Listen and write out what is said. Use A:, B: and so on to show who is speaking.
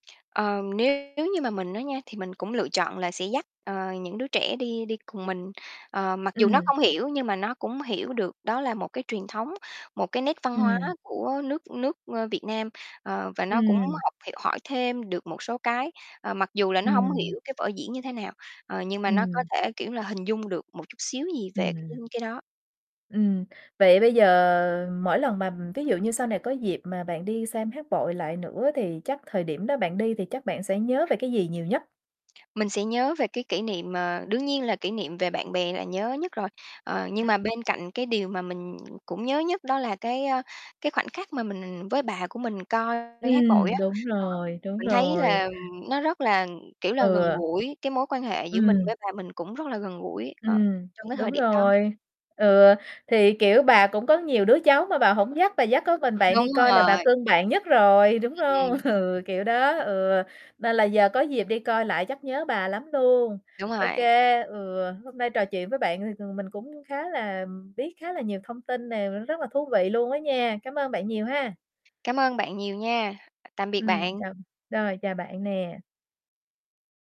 A: Ờ, nếu như mà mình á nha, thì mình cũng lựa chọn là sẽ dắt, ờ, những đứa trẻ đi đi cùng mình. Ờ, mặc dù nó
B: Ừm.
A: không hiểu nhưng mà nó cũng hiểu được đó là một cái truyền thống, một cái nét văn hóa
B: Ừm.
A: của nước nước, ơ, Việt Nam. Ờ, và nó cũng
B: Ừm.
A: học h hỏi thêm được một số cái, ờ, mặc dù là nó hông
B: Ừm.
A: hiểu cái vở diễn như thế nào. Ờ, nhưng mà nó có
B: Ừm.
A: thể, kiểu, là hình dung được một chút xíu gì về cái
B: Ừm.
A: cái đó.
B: Ừm, vậy bây giờ mỗi lần mà ví dụ như sau này có dịp mà bạn đi xem hát bội lại nữa thì chắc thời điểm đó bạn đi thì chắc bạn sẽ nhớ về cái gì nhiều nhất?
A: Mình sẽ nhớ về cái kỷ niệm, ờ, đương nhiên là kỷ niệm về bạn bè là nhớ nhất rồi. Ờ, nhưng mà bên cạnh cái điều mà mình cũng nhớ nhất đó là cái, ơ, cái khoảnh khắc mà mình với bà của mình coi hát bội
B: Ừm,
A: á.
B: đúng
A: Ờ,
B: rồi, đúng
A: mình thấy
B: rồi.
A: là nó rất là, kiểu, là gần
B: Ừ.
A: gũi cái mối quan hệ giữa mình
B: Ừm.
A: với bà mình cũng rất là gần gũi, ờ,
B: Ừm,
A: trong cái
B: đúng
A: thời điểm đó.
B: rồi. Ừ, thì, kiểu, bà cũng có nhiều đứa cháu mà bà hổng dắt, bà dắt có mình bạn đi
A: Đúng
B: coi là bà
A: rồi.
B: cưng bạn nhất rồi, đúng hông?
A: Ừm.
B: Ừ, kiểu đó, ừ, nên là giờ có dịp đi coi lại chắc nhớ bà lắm luôn.
A: Đúng
B: Ô
A: rồi.
B: kê, ừ, hôm nay trò chuyện với bạn thì, ừm, mình cũng khá là biết khá là nhiều thông tin nè, v rất là thú vị luôn á nha. Cám ơn bạn nhiều ha.
A: Cảm ơn bạn nhiều nha. Tạm biệt
B: Ừm,
A: bạn.
B: chào rồi chào bạn nè.